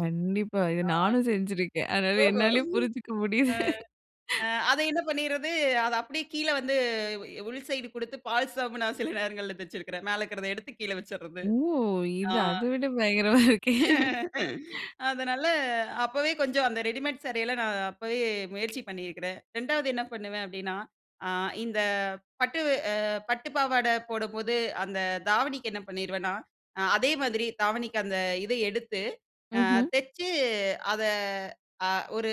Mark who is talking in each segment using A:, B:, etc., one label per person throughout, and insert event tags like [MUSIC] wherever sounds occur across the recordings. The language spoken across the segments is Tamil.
A: கண்டிப்பா. இத
B: ஆ. ஆ.
A: நானும் செஞ்சிருக்கேன் அதனால
B: ஓஹோ!
A: என்னாலேயே புரிஞ்சுக்க
B: [CHUCKLES]
A: முடியுது.
B: ஆ. ஆ. அதை என்ன பண்ணிறது, அத அப்டியே கீழ வந்து உள் சைட் குடுத்து பால்சாவும் [UNINTELLIGIBLE] சில நேரங்கள்ல தச்சிருக்கிறேன். மேல இருக்கிறத எடுத்து கீழ வச்சுறது.
A: ஓ!
B: ஆ.
A: இது அத விட பயங்கரமா இருக்கே.
B: [LAUGHS] அதனால, அப்போவே கொஞ்சம் அந்த ரெடிமேட் சாரெல்லாம் நான் அப்போவே முயற்சி பண்ணியிருக்கிறேன். 2வது என்ன பண்ணுவேன் அப்டின்னா, ஆ இந்த பட்டு அ பட்டு பாவாடை போடும்போது அந்த தாவணிக்கு என்ன பண்ணிருவேன்னா, ஆ அதே மாதிரி தாவணிக்கு அந்த இதை எடுத்து ஆ
A: ம்ஹ்ம்.
B: தைச்சு அத ஆ ஒரு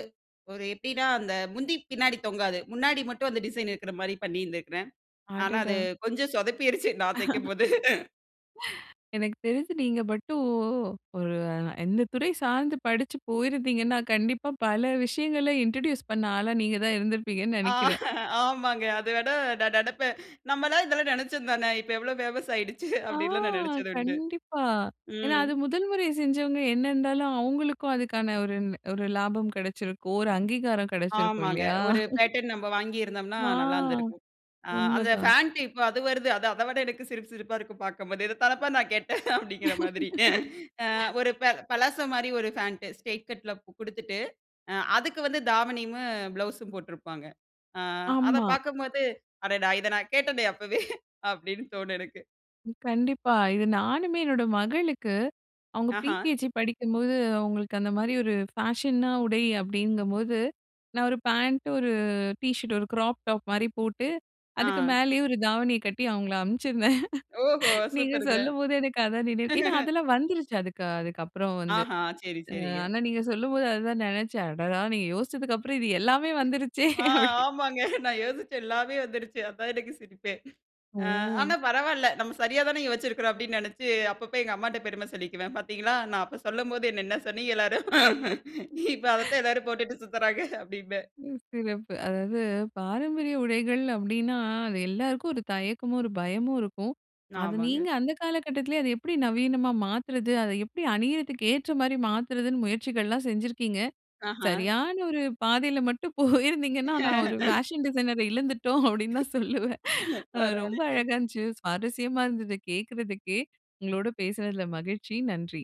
B: ஒரு எப்டின்னா, அந்த முந்தி பின்னாடி தொங்காது முன்னாடி மட்டும் அந்த டிசைன் இருக்குற மாரி பண்ணியிருந்திருக்கிறேன். ஆனா, அது
A: அடடா!
B: கொஞ்சம் சொதப்பிருச்சு நான்
A: [LAUGHS]
B: தைக்கும்போது.
A: [LAUGHS] எனக்கு தெரிஞ்சு, நீங்க மட்டும் ஒரு எந்த துறை சார்ந்து படிச்சு போயிருந்தீங்கன்னா, கண்டிப்பா பல விஷயங்கள இன்ட்ரோடியூஸ் பண்ண ஆளா நீங்க தான் இருந்திருப்பீங்கன்னு
B: ஆ,
A: நெனைக்கிறேன்.
B: ஆமாங்க அத விட நான் நெனைப்பேன் நம்மலாம் இதெல்லாம் நெனைச்சது தானே இப்போ எவ்வளோ பேமஸ் ஆயிடுச்சு
A: ஆ,
B: அப்டின்னுலா நான் நெனைச்சது உண்டு.
A: கண்டிப்பா. ஏனா,
B: ம்.
A: அது 1ல் முறை செஞ்சவங்க என்ன இருந்தாலும் அவங்களுக்கும் அதுக்கான ஒரு ஒரு லாபம் கிடைச்சிருக்கும். ஒரு அங்கீகாரம் கிடைச்சிருக்கும்
B: ஆமாங்க,
A: இல்லையா.
B: 1
A: [CHUCKLES]
B: பேட்டர்ன் நம்ப வாங்கியிருந்தோம்னா
A: ஆ
B: நல்லாருந்துருக்கும். ஆ அந்த
A: உண்மதான்.
B: பேண்ட் இப்ப அது வருது அது அத விட எனக்கு சிரிப்பு சிரிப்பா இருக்கும் பார்க்கும்போது இத தானப்பா நான் கேட்டேன் அப்டிங்கிற மாதிரி ஆ
A: [LAUGHS]
B: ஒரு ப பலாசோ மாரி 1 பேண்ட் ஸ்ட்ரைட் கட்ல குடுத்துட்டு அ அதுக்கு வந்து தாவணியமும் ப்ளவுஸும் போட்டிருப்பாங்க. ஆ, அத
A: ஆமா.
B: பார்க்கும்போது அடடா! இத நான் கேட்டேனே அப்போவே [CHUCKLES] அப்டின்னு தோணும் எனக்கு.
A: கண்டிப்பா. இது நானுமே என்னோட மகளுக்கு அவங்க
B: ஆஹா!
A: பிரிகேஜி படிக்கும்போது அவங்களுக்கு அந்த மாரி ஒரு ஃபேஷனா உடை அப்டிங்கும்போது நான் 1 பாண்ட் 1 ட் ஷர்ட் 1 கிராப் டாப் மாரி போட்டு அதுக்கு
B: ஆ.
A: மேலேயே 1 தாவணிய கட்டி அவங்கள அனுப்பிச்சிருந்தேன்.
B: ஓஹோ!
A: நீங்க
B: சூப்பர்ங்க.
A: சொல்லும்போது எனக்கு அதான் நினைவு ஏனா,
B: [CHUCKLES]
A: அதெல்லாம் வந்துருச்சு அதுக்கு அதுக்கப்புறம் வந்து.
B: ஆஹா! சரி,
A: அ
B: சரிங்க.
A: ஆனா, நீங்க சொல்லும்போது அத தான் ணெனைச்சேன் அடடா, நீங்க யோசிச்சதுக்கு அப்புறம் இது எல்லாமே வந்துருச்சே
B: ஆ
A: அப்டி
B: ஆமாங்க, நான் யோசிச்சேன் எல்லாமே வந்துருச்சு அதான் எனக்கு சிரிப்பேன். ஆ
A: ஓ!
B: ஆனா, பரவால்ல நம்ம சரியா தானே யோச்சிருக்கிறோம் அப்டின்னு நெனைச்சு அப்பப்ப எங்க அம்மாட்ட பெரும சொல்லிக்குவேன் பார்த்தீங்களா, நான் அப்போ சொல்லும்போது என்ன என்ன சொன்னீங்க எல்லாரும் இப்ப
A: [CHUCKLES]
B: அதத்தான் எல்லாரும் போட்டுட்டு சுத்துறாங்க அப்டின்பேன்.
A: ம். சிறப்பு அதாவது பாரம்பரிய உடைகள் அப்டின்னா, அது எல்லாருக்கும் ஒரு தயக்கமும், ஒரு பயமும் இருக்கும். அத நீங்க
B: ஆமாங்க.
A: அந்த காலகட்டத்திலேயே அத எப்டி நவீனமா மாத்துறது அத எப்டி அணிறத்துக்கு ஏற்ற மாரி மாத்துறதுன்னு முயற்சிகள்லாம் செஞ்சிருக்கீங்க.
B: ஆஹ!
A: சரியான ஒரு பாதையில மட்டும் போயிருந்தீங்கன்னா, நான் ஒரு
B: [LAUGHS]
A: ஃபேஷன் டிசைனர இழந்துட்டோம் அப்டின்னு தான் சொல்லுவேன். அ ரொம்ப
B: பரவாயில்லைங்க.
A: அழகா இருந்துச்சு சுவாரஸ்யமா இருந்தது கேட்கிறதுக்கே உங்களோட பேசுனதில மகிழ்ச்சி நன்றி.